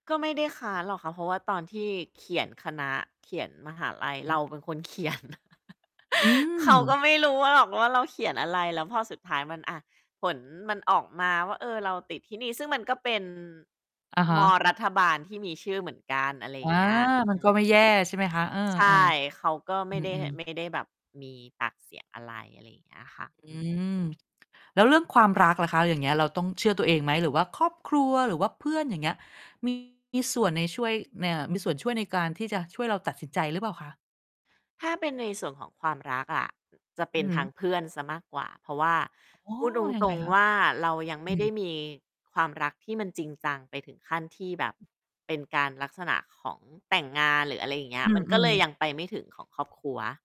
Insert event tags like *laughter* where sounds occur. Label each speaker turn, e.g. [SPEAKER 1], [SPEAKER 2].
[SPEAKER 1] ก็ไม่ได้ค้านหรอกค่ะ เพราะว่าตอนที่เขียนคณะ เขียนมหาลัย
[SPEAKER 2] อ
[SPEAKER 1] เ
[SPEAKER 2] ื
[SPEAKER 1] ร
[SPEAKER 2] ม
[SPEAKER 1] าเป็นคนเขียน *chuckles*
[SPEAKER 2] อื
[SPEAKER 1] เขาก็
[SPEAKER 2] ม
[SPEAKER 1] ไม่รู้ว่า หรอกว่า เราเขียนอะไร แล้วพอสุดท้าย มัน อะ ผลมันออกมาว่า เออ เราติดที่นี่ ซึ่งมันก็เป็น
[SPEAKER 2] อะฮ
[SPEAKER 1] ม
[SPEAKER 2] ะ
[SPEAKER 1] อรัฐบาลที่มีชื่อเหมือนกัน อะไรอย
[SPEAKER 2] อ
[SPEAKER 1] ่
[SPEAKER 2] า
[SPEAKER 1] างเงี้ย อ
[SPEAKER 2] มั
[SPEAKER 1] ื
[SPEAKER 2] นก็
[SPEAKER 1] อ
[SPEAKER 2] ไม่แย่ ใช่ไหมคะ เออ
[SPEAKER 1] ใช่ เขาก็
[SPEAKER 2] ๆ
[SPEAKER 1] ไม
[SPEAKER 2] อื
[SPEAKER 1] ่ได้ ห
[SPEAKER 2] อ
[SPEAKER 1] ไ
[SPEAKER 2] ๆ
[SPEAKER 1] ม่ได้แบบมีปากเสียงอะไร อะไรอย่างเงี้ยค่ะ
[SPEAKER 2] อ
[SPEAKER 1] อ
[SPEAKER 2] ื
[SPEAKER 1] ือ
[SPEAKER 2] ม แล้วเรื่องความรักล่ะคะ อย่างเงี้ย เราต้องเชื่อตัวเองไหม? หรือว่าครอบครัว หรือว่าเพื่อน อย่างเงี้ย มี ส่วนในช่วย น อ่า มีส่วนช่วยในการที่จะช่วยเราตัดสินใจหรือเปล่าคะ?
[SPEAKER 1] ถ้าเป็นในส่วนของความรักอะ จะเ
[SPEAKER 2] อ
[SPEAKER 1] ป
[SPEAKER 2] ื
[SPEAKER 1] ็
[SPEAKER 2] อ
[SPEAKER 1] น
[SPEAKER 2] ฮ
[SPEAKER 1] ทาง
[SPEAKER 2] ึ
[SPEAKER 1] เพื่อนเสียมากกว่า เพราะว่า
[SPEAKER 2] อ๋อ
[SPEAKER 1] พูดต
[SPEAKER 2] ยังไง
[SPEAKER 1] รง
[SPEAKER 2] คะ?
[SPEAKER 1] ๆ ว่า เรายังไ
[SPEAKER 2] อ
[SPEAKER 1] ม
[SPEAKER 2] ื
[SPEAKER 1] ่ได้
[SPEAKER 2] ม
[SPEAKER 1] มีความรักที่มันจริงจังไปถึงขั้นที่แบบเป็นการ ลักษณะของแต่งงานหรือ อะไรอย่างเงี้
[SPEAKER 2] อ
[SPEAKER 1] ย
[SPEAKER 2] ื
[SPEAKER 1] มันก็เล
[SPEAKER 2] ม
[SPEAKER 1] ย
[SPEAKER 2] ๆ
[SPEAKER 1] ยังไปไม่ถึงของครอบครัว